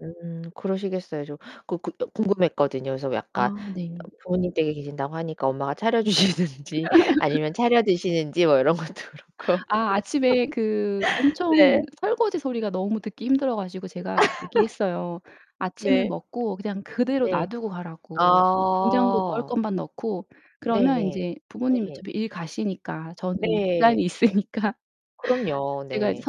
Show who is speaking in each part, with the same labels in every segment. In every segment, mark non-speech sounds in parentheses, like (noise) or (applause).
Speaker 1: 음 그러시겠어요. 저 그 그 궁금했거든요. 그래서
Speaker 2: 아
Speaker 1: 약간
Speaker 2: 네.
Speaker 1: 부모님 댁에 계신다고 하니까 엄마가 차려주시는지 아니면
Speaker 2: (laughs)
Speaker 1: 차려드시는지 뭐 이런 것도 그렇고
Speaker 2: 아 아침에 그
Speaker 1: (laughs)
Speaker 2: 엄청
Speaker 1: 네.
Speaker 2: 설거지 소리가 너무 듣기 힘들어 가지고 제가 얘기했어요.
Speaker 1: (laughs)
Speaker 2: 아침을
Speaker 1: 네.
Speaker 2: 먹고 그냥 그대로
Speaker 1: 네.
Speaker 2: 놔두고 가라고, 냉장고 넣을
Speaker 1: 아.
Speaker 2: 것만 넣고. 그러면
Speaker 1: 네네.
Speaker 2: 인제 부모님
Speaker 1: 네.
Speaker 2: 어차피 일 가시니까, 저는 시간이
Speaker 1: 네.
Speaker 2: 있으니까
Speaker 1: 그럼요.
Speaker 2: 제가 이제
Speaker 1: 네.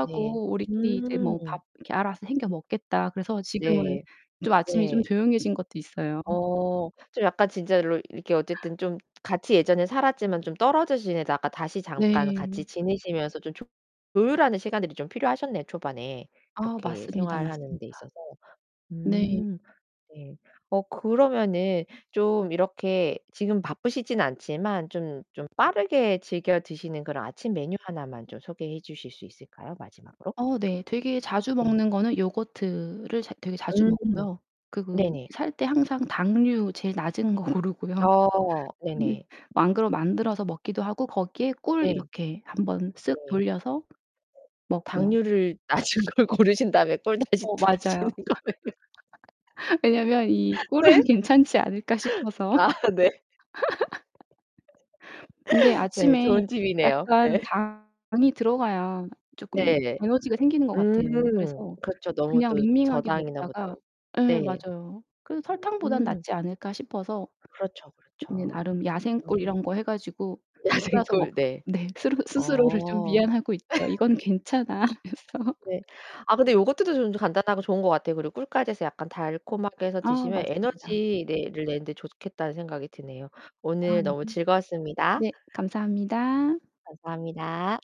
Speaker 1: 네.
Speaker 2: "우리끼리 이제 뭐
Speaker 1: 음.
Speaker 2: 밥 이렇게 알아서 챙겨 먹겠다." 그래서 지금은
Speaker 1: 네.
Speaker 2: 좀 아침이 좀
Speaker 1: 네.
Speaker 2: 조용해진 것도 있어요.
Speaker 1: 어. 좀 약간 진짜로 이렇게 어쨌든 좀 같이 예전에 살았지만 좀 떨어져 지내다가 다시 잠깐 같이
Speaker 2: 네.
Speaker 1: 지내시면서 좀 조 조율하는 시간들이 좀 필요하셨네요 초반에
Speaker 2: 아
Speaker 1: 이렇게
Speaker 2: 맞습니다,
Speaker 1: 생활하는
Speaker 2: 맞습니다.
Speaker 1: 데 있어서.
Speaker 2: 네.
Speaker 1: 음 네. 어 그러면은 좀 이렇게 지금 바쁘시지는 않지만 좀 좀 빠르게 즐겨 드시는 그런 아침 메뉴 하나만 좀 소개해 주실 수 있을까요 마지막으로?
Speaker 2: 어 네. 되게 자주
Speaker 1: 네.
Speaker 2: 먹는 거는 요거트를 자 되게 자주
Speaker 1: 음
Speaker 2: 먹고요. 그
Speaker 1: 네네.
Speaker 2: 그 살 때 항상 당류 제일 낮은 거 고르고요.
Speaker 1: 어
Speaker 2: 근데
Speaker 1: 네네.
Speaker 2: 만그러 만들어서 먹기도 하고 거기에 꿀
Speaker 1: 네.
Speaker 2: 이렇게 한번 쓱
Speaker 1: 네.
Speaker 2: 돌려서 먹고요.
Speaker 1: 당류를 낮은 걸 고르신 다음에 꿀 다시
Speaker 2: 어
Speaker 1: 두르시는
Speaker 2: 맞아요.
Speaker 1: 거예요?
Speaker 2: (laughs) 왜냐면 이'
Speaker 1: (laughs)
Speaker 2: 꿀은
Speaker 1: 네?
Speaker 2: 괜찮지 않을까?' 싶어서
Speaker 1: 아
Speaker 2: (laughs)
Speaker 1: 네.
Speaker 2: 근데
Speaker 1: (laughs) 네
Speaker 2: 아침에
Speaker 1: 좋은 팁이네요.
Speaker 2: 약간
Speaker 1: 네.
Speaker 2: 당이 들어가야 쪼끔
Speaker 1: (laughs) 네.
Speaker 2: 에너지가 생기는 것 같아요.
Speaker 1: 음.
Speaker 2: 그래서
Speaker 1: 그렇죠. 너무
Speaker 2: 그냥
Speaker 1: 또
Speaker 2: 밍밍하게
Speaker 1: 저당이나 뭐
Speaker 2: 먹다가
Speaker 1: 다른
Speaker 2: 예
Speaker 1: 네.
Speaker 2: 맞아요. '그래도 설탕보다는
Speaker 1: 음.
Speaker 2: 낫지 않을까?' 싶어서
Speaker 1: 그렇죠,
Speaker 2: 네
Speaker 1: 그렇죠.
Speaker 2: 나름
Speaker 1: 음.
Speaker 2: 야생꿀 이런 거 해 가지고
Speaker 1: 야생
Speaker 2: 뿌려서 먹
Speaker 1: 꿀. 네.
Speaker 2: 네 스르 스스로를 좀
Speaker 1: 어.
Speaker 2: 위안하고 있죠.
Speaker 1: (laughs)
Speaker 2: "이건 괜찮아." 하면서
Speaker 1: 네. 아 근데 요거트도 좀 간단하고 좋은 것 같아요. 그리고 꿀까지 해서 약간 달콤하게 해서
Speaker 2: 아
Speaker 1: 드시면
Speaker 2: 맞습니다.
Speaker 1: '에너지 네 ...를 내는데 좋겠다.'는 생각이 드네요.
Speaker 2: 아
Speaker 1: 오늘
Speaker 2: 네.
Speaker 1: 너무 즐거웠습니다.
Speaker 2: 네 감사합니다.
Speaker 1: 감사합니다.